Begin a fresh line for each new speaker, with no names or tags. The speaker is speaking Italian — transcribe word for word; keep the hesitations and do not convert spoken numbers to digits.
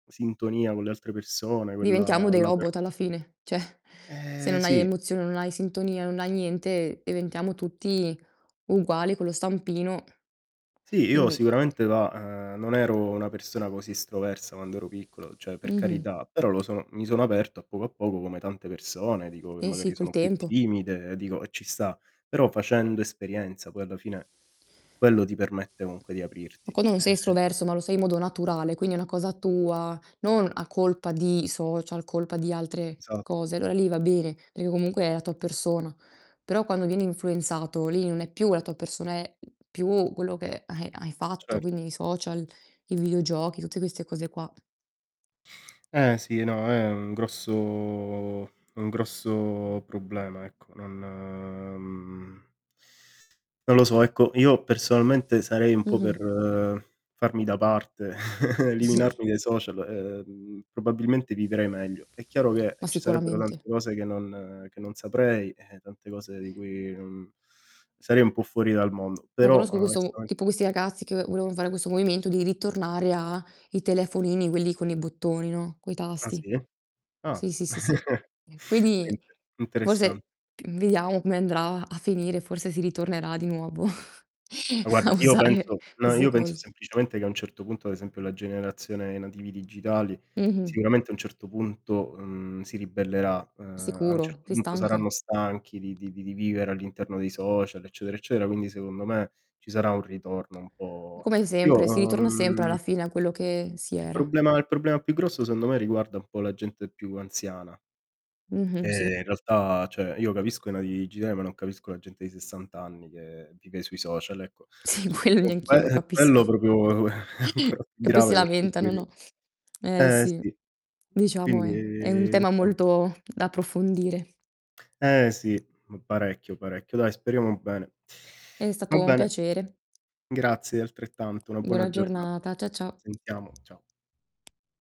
Sintonia con le altre persone,
Diventiamo
quella
dei robot
l'apertu
alla fine. ceh, se
Ehm,
non hai
sì.
emozione, non hai sintonia, non hai niente, diventiamo tutti uguali con lo stampino,
Sì, io
quindi
sicuramente va uhm, non ero una persona così estroversa quando ero piccolo, cioè per
Mh-mh.
carità, però lo son mi sono aperto a poco a poco come tante persone, dico, che
Sì, sì,
magari
col
sono più
tempo.
timide, dico, e ci sta. Però facendo esperienza, poi alla fine, quello ti permette comunque di aprirti.
Ma quando non sei
Eh-eh
estroverso ma lo sei in modo naturale, quindi è una cosa tua, non a colpa di social, colpa di altre
Esat
cose, allora lì va bene, perché comunque è la tua persona. Però quando viene influenzato, lì non è più la tua persona, è più quello che hai hai fatto,
Cert
quindi i social, i videogiochi, tutte queste cose qua.
Eh, sì, no, è un grosso un grosso problema, ecco, non, mhmm, non lo so. Ecco, io personalmente sarei un po'
Mh-mh.
per farmi da parte,
Sì.
eliminarmi dai social, ehm, probabilmente vivrei meglio. È chiaro che,
Ma
ci sarebbero tante
sicuramente.
cose che non che non saprei, eh, tante cose di cui mhmm, sarei un po' fuori dal mondo,
No,
però
conosco questo
onestamen
tipo questi ragazzi che ve volevan fare questo movimento, di ritornare a i telefonini, quelli con i bottoni, no, coi
Ah,
tasti.
sì? Ah,
Sì, sì, sì, sì. Eh,
è
quindi,
inter interessan
forse vediamo come andrà a finire, forse si ritornerà di nuovo
Ma
a
guarda, io
usare
penso no,
queste
io penso
cose.
semplicemente che a un certo punto, ad esempio, la generazione i nativi digitali,
Mh-mh.
sicuramente a un certo punto, mhmm, si ribellerà, uhm, a un
Sicuro,
certo
si
punto
stanca.
saranno stanchi di di di vivere all'interno dei social eccetera, eccetera, quindi secondo me, ci sarà un ritorno un po'
Come
Io,
sempre, si ritorna sempre
uhm
alla fine a quello che si
Il
era.
problema il problema più grosso secondo me, riguarda un po' la gente più anziana, che
Mh-mh. Sì.
in realtà cioè io capisco i nativi digitali, ma non capisco la gente di sessant anni che vive sui social, ecco.
Sì,
Su
quello
con
neanch'io
que
lo
ehm,
capisco.
quello propro è ancora più
E poi si
grave per quanto mi
lamentano,
rig
no, eh,
eh,
sì,
sì.
diciamo
Quindi,
è è un tema
insom
molto da approfondire.
Eh ,sì, m parecchio, parecchio. Dai, speriamo bene.
È
Va
stato un
bene.
piacere.
Grazie, altrettanto. Una buona
Buona
giornata.
giornata. Cia ciao.
Sentiamo, ciao.